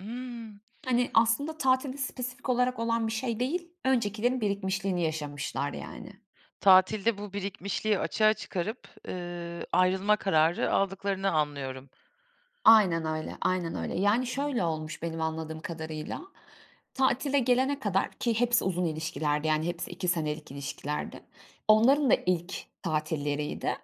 Iıı. Hani, aslında tatilde spesifik olarak olan bir şey değil. Öncekilerin birikmişliğini yaşamışlar, yani. Tatilde bu birikmişliği açığa çıkarıp, eee, ayrılma kararı aldıklarını anlıyorum. Aynen öyle, aynen öyle. Yani, [unintelligible] şöyle olmuş, benim anladığım kadarıyla; tatile gelene kadar, ki hepsi uzun ilişkilerdi, yani, hepsi 2 senelik ilişkilerdi. Onların da ilk tatilleriydi.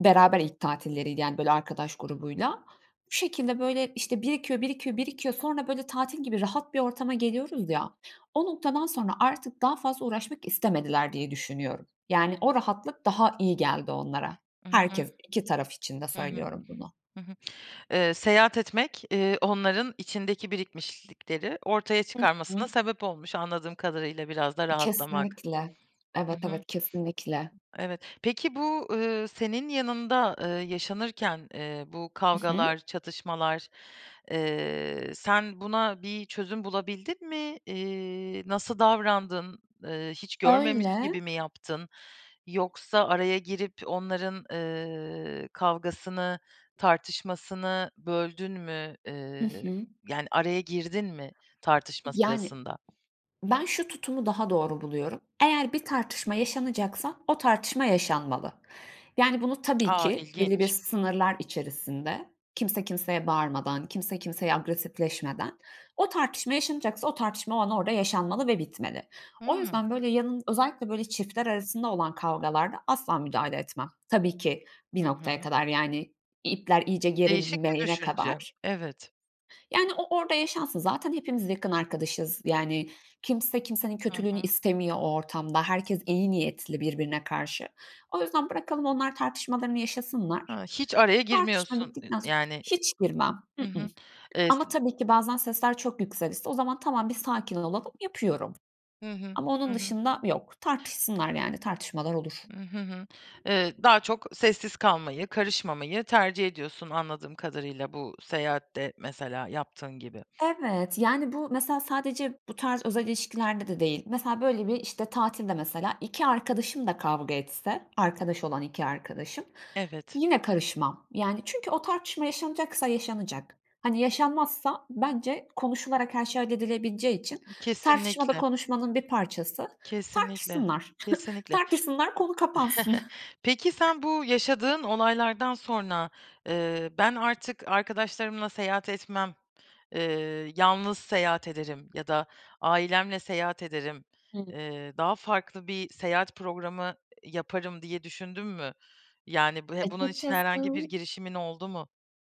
Beraber ilk tatilleriydi, yani, böyle arkadaş grubuyla. Bu şekilde, böyle, işte, birikiyor, birikiyor, birikiyor. Sonra böyle tatil gibi rahat bir ortama geliyoruz ya, o noktadan sonra artık daha fazla uğraşmak istemediler diye düşünüyorum. Yani, o rahatlık daha iyi geldi onlara. Hı hı. Herkes, iki taraf için de Hı hı. söylüyorum bunu. Hı hı. Eee, seyahat etmek, eee, onların içindeki birikmişlikleri ortaya Hı hı. çıkarmasına sebep olmuş, anladığım kadarıyla, biraz da rahatlamak. Kesinlikle. Hı Evet, hı. evet kesinlikle. Evet. Peki bu, eee, senin yanında, eee, yaşanırken, eee, bu Hı hı. kavgalar, çatışmalar, eee, sen buna bir çözüm bulabildin mi? Eee, nasıl davrandın? Eee, hiç görmemiş Öyle. gibi mi yaptın? Yoksa araya girip onların, eee, kavgasını, tartışmasını böldün mü, Hı eee, hı. yani, araya girdin mi tartışma Yani sırasında? Ben şu tutumu daha doğru buluyorum. Eğer bir tartışma yaşanacaksa, o tartışma yaşanmalı. Yani, bunu tabii A, ki belli İlginç. sınırlar içerisinde, kimse kimseye bağırmadan, kimse kimseye agresifleşmeden. O tartışma yaşanacaksa, o tartışma o an orada yaşanmalı ve bitmeli. O Hımm. yüzden böyle, yanın özellikle böyle çiftler arasında olan kavgalarda asla müdahale etmem. Tabii ki, Hı bir noktaya hı. kadar, yani, ipler iyice Değişik bir gerilmeyene düşünce, kadar. evet. Yani, o orada yaşansın z aten hepimiz yakın arkadaşız yani. Kimse kimsenin Hı kötülüğünü hı. istemiyor o ortamda. Herkes iyi niyetli birbirine karşı. O yüzden bırakalım onlar tartışmalarını yaşasınlar. A, hiç araya Tartışma girmiyorsun, e bittikten sonra yani, eee. hiç girmem. I Hı ıh, hı. Eee, s ama tabii ki bazen sesler çok yükselirse o zaman, "Tamam, bir sakin olalım." yapıyorum Hı ama onun hı. dışında, yok. Tartışsınlar yani, tartışmalar olur. Hı hı, eee, daha çok sessiz kalmayı, karışmamayı tercih ediyorsun, anladığım kadarıyla bu seyahatte, mesela, yaptığın gibi. Evet, yani, bu mesela sadece bu tarz özel ilişkilerde de değil. Mesela, böyle, bir işte tatilde, mesela, 2 arkadaşım da kavga etse, arkadaş olan 2 arkadaşım, Evet. yine karışmam, yani çünkü o tartışma yaşanacaksa yaşanacak. Hani yaşanmazsa bence konuşularak her şey halledilebileceği için tartışma da Kesinlikle. konuşmanın bir parçası. Kesinlikle. Tartışsınlar, Kesinlikle. tartışsınlar, konu kapansın. Peki, sen bu yaşadığın olaylardan sonra, eee, ben artık arkadaşlarımla seyahat etmem, eee, yalnız seyahat ederim ya da ailemle seyahat ederim, Hı. eee, daha farklı bir seyahat programı, iii, yaparım diye düşündüm mü? Yani b ve bunun için herhangi bir Açıkçası girişimin oldu mu?